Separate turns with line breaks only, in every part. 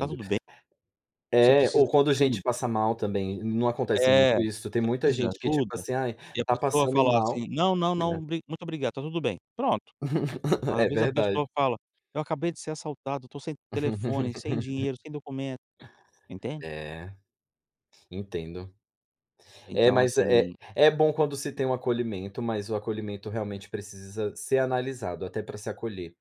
"Está tudo bem?". Você
É,
precisa
ou quando
de
gente
ajuda?
passa mal também, não acontece
É.
muito isso, tem
"Você
muita
precisa de
gente que tipo
ajuda?"
assim: "Ai,
e a
está
pessoa
passando
falar
mal?",
assim: "Não, não
né.
não, bri muito obrigado, está tudo bem". Pronto. Às
É
vezes a pessoa
verdade.
fala: "Eu acabei de ser assaltado, estou sem telefone, sem dinheiro, sem documento". Entende?
É. entendo. É,
Então,
mas, eh
assim
é bom quando se tem um acolhimento, mas o acolhimento realmente precisa ser analisado, até para se acolher,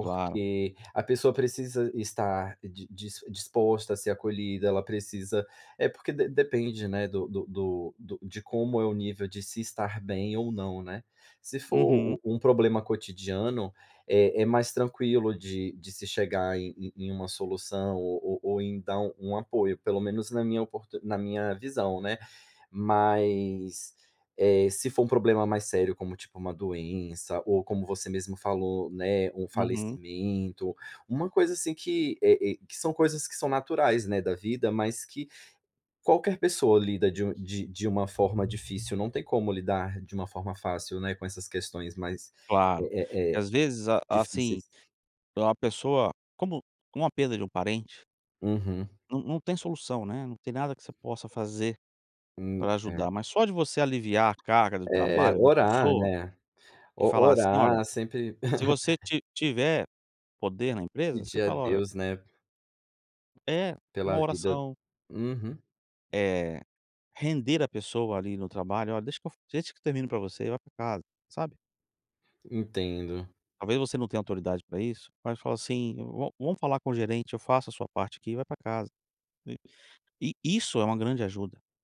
Claro.
a pessoa precisa estar di dis disposta a ser acolhida, ela precisa é porque de depende, né, do do do do de como é o nível de se estar bem ou não, né. Se for
Uhum.
u um problema cotidiano, é é mais tranquilo de de se chegar em em em uma solução o o ou então um apoio, pelo menos na minha oportu na minha visão, né. Mas, eh, se for um problema mais sério, como, tipo, uma doença ou como você mesmo falou, né, um
Uhum.
falecimento, uma coisa assim que, eh eh, que são coisas que são naturais, né, da vida, mas que qualquer pessoa lida de um de de uma forma difícil, não tem como lidar de uma forma fácil, né, com essas questões mais,
Claro,
eh eh eh,
às vezes, a
difíceis.
assim, para a pessoa como como a perda de um parente
Uhum.
não não tem solução, né, não tem nada que você possa fazer,
Hum,
para
é.
ajudar, mas só de você aliviar a carga do
É é
trabalho da
orar,
pessoa,
né.
e
O
falar assim: "Olha",
orar sempre
se você ti tiver poder na empresa, você
pedir a
fala; "Olha"
Deus, né
É, uma
pela vida
oração.
uhum.
Eh, render a pessoa ali no trabalho, "Olha, deixa eu fa deixa que eu termino para você, vai para casa", sabe.
Entendo.
Talvez, você não tenha autoridade para isso, mas fala assim: "Va vamos falar com o gerente, eu faço a sua parte aqui e vai para casa", I isso é uma grande ajuda.